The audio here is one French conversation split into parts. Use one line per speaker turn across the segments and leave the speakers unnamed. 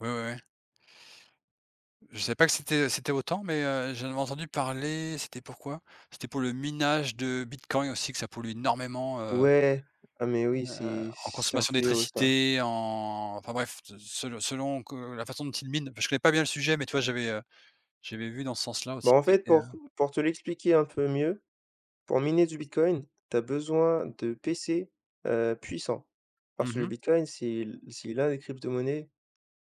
Ouais, ouais, ouais. Je savais pas que c'était c'était autant, mais heu, j'en avais entendu parler, c'était pourquoi? C'était pour le minage de Bitcoin aussi que ça pollue énormément, heu
Ouais, ah mais oui,
heu,
c'est
en
c'est un
consommation
fléau ça.
d'électricité, en enfin bref, de se selon selon que la façon dont il mine, je connais pas bien le sujet, mais tu vois? J'avais, heu, j'avais vu dans ce sens-là aussi
Ben
que
en fait,
c'était, heu
pour pour te l'expliquer un peu mieux, pour miner du Bitcoin, tu as besoin de PC, heu, puissant,
Mmh
parce que le
mh.
Bitcoin c'est le c'est l'un des cryptomonnaies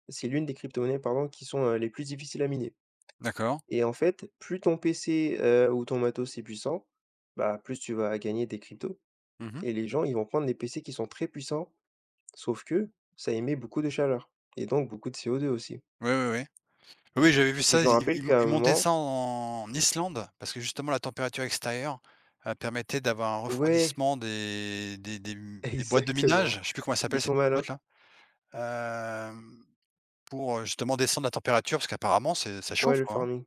c'est l'une des cryptomonnaies pardon qui sont, heu, les plus difficiles à miner
D'accord.
et en fait, plus ton PC, heu, ou ton matos est puissant, bah, plus tu vas gagner des cryptos
Mmh mh.
et les gens ils vont prendre les PC qui sont très puissants, sauf que ça émet beaucoup de chaleur et donc beaucoup de CO2, aussi
Oui, oui, oui. Oui j'avais vu
et
ça,
je m'en
ils
rappelle
ils
qu'à un
ils montaient
moment
ça en Islande parce que justement la température extérieure, heu, permettait d'avoir un
Ouais.
refroidissement des des des m des boîtes de
Exactement,
minage, je sais plus comment elle
ils
s'appelle cette
sont
petite
malins.
boîte la, hem, pour, heu, justement descendre la température parce qu'apparemment c'est ça
Ouais
chauffe
le
quoi hein?
farming.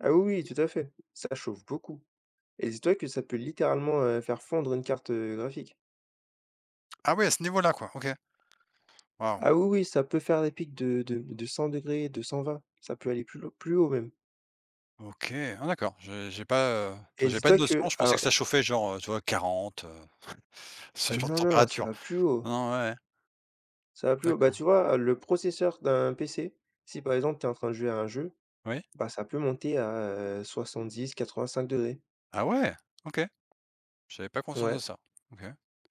Ah oui, oui tout à fait, ça chauffe beaucoup et dis-toi que ça peut littéralement, heu, faire fondre une carte, heu, graphique.
Ah ouais, à ce niveau-là quoi, OK. Wahou.
Ah oui oui ça peut faire des pics de de de 100º, de 120, ça peut aller plus lau plus haut même.
OK, ah d'accord, je j'ai pas, heu, tu
Et
vois? J'ai pas de
dis-toi que
notion, je pensais
un
que ça chauffait genre, heu, tu vois 40, heu, ce
Heu,
genre de
non, non, ça
température.
va plus haut
Non, non, ouais ouais.
ça va plus haut. Bah tu
D'accord.
vois? le processeur d'un PC, si par exemple, tu es en train de jouer à un jeu,
Oui.
bah, ça peut monter à, heu, 70-85º degrés.
Ah ouais, OK. J'avais pas conscience de
Ouais.
ça, OK.